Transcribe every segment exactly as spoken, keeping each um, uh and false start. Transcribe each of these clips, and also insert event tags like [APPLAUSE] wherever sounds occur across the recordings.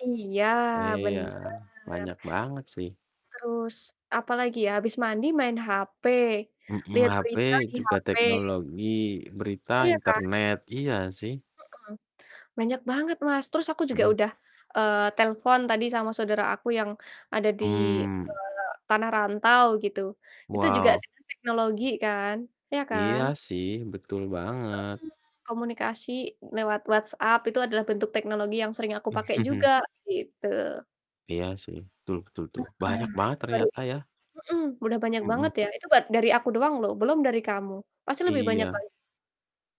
Iya, Iya, bener. banyak banget sih. Terus, apalagi ya, abis mandi main HP, Mhm, liat HP berita di juga HP. teknologi, berita, Iya kan? internet, iya sih. Mhm, banyak banget, Mas. Terus aku juga Mhm. udah, eee, telepon tadi sama saudara aku yang ada di Mmm. eee, tanah rantau, gitu. Itu juga Wow. dengan teknologi kan, ya Iya kan? sih, betul Heeh, banget. komunikasi lewat WhatsApp itu adalah bentuk teknologi yang sering aku pake juga, [CHUCKLES] gitu. Heeh, Iya sih, betul betul tuh, banyak banget itu baru ternyata itu ya. mhm, udah banyak banget Mhm. ya. Itu dat dari aku doang loh, belum dari kamu, pasti lebih Iya. banyak lagi.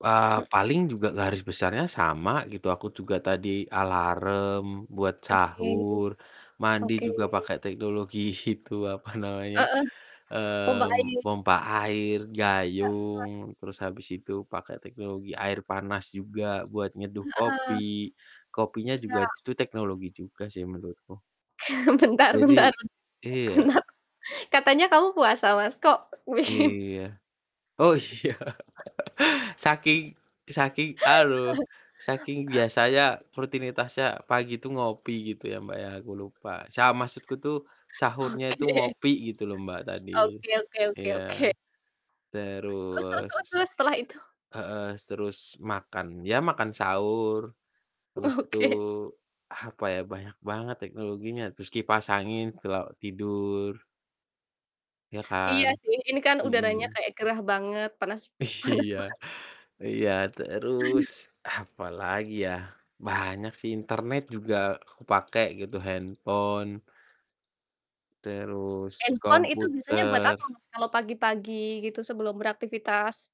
Eee, M paling juga garis besarnya sama gitu, aku juga tadi alarm buat Oke, sahur, mandi oke. juga pakai teknologi itu apa namanya, Heeh, pompa mmm, air. pompa air, gayung, Heeh. terus habis itu pakai teknologi air panas juga buat nyeduh kopi, Heeh. kopinya Iya. juga t tuh teknologi juga sih menurutku. [CHUCKLES] Bentar Jadi bentar, iya. karena katanya kamu puasa Mas, kok bikin Iya, oh iya, [LAUGHS] Saking saking, aluh, saking biasanya [CHUCKLES] rutinitasnya pagi itu ngopi gitu ya, Mbak, ya, aku tuh lupa. Sa maksudku tuh sahurnya itu Oke. ngopi, gitu loh, Mbak, tadi, Oke oke oke iya. oke. Terus terus Terus terus terus, setelah itu? heeh, s terus makan, ya makan sahur, habis itu, Oke. apa ya, banyak banget teknologinya. Terus kipas angin kalo tidur. Ya kan. Iya sih, ini kan udaranya Mhm. kayak gerah banget, panas panas Iya, banget. iya Aduh. terus, apalagi ya, banyak sih. Internet juga aku pake gitu, handphone. Terus Handphone itu biasanya buat komputer. apa, Mas, kalau pagi-pagi gitu sebelum beraktivitas?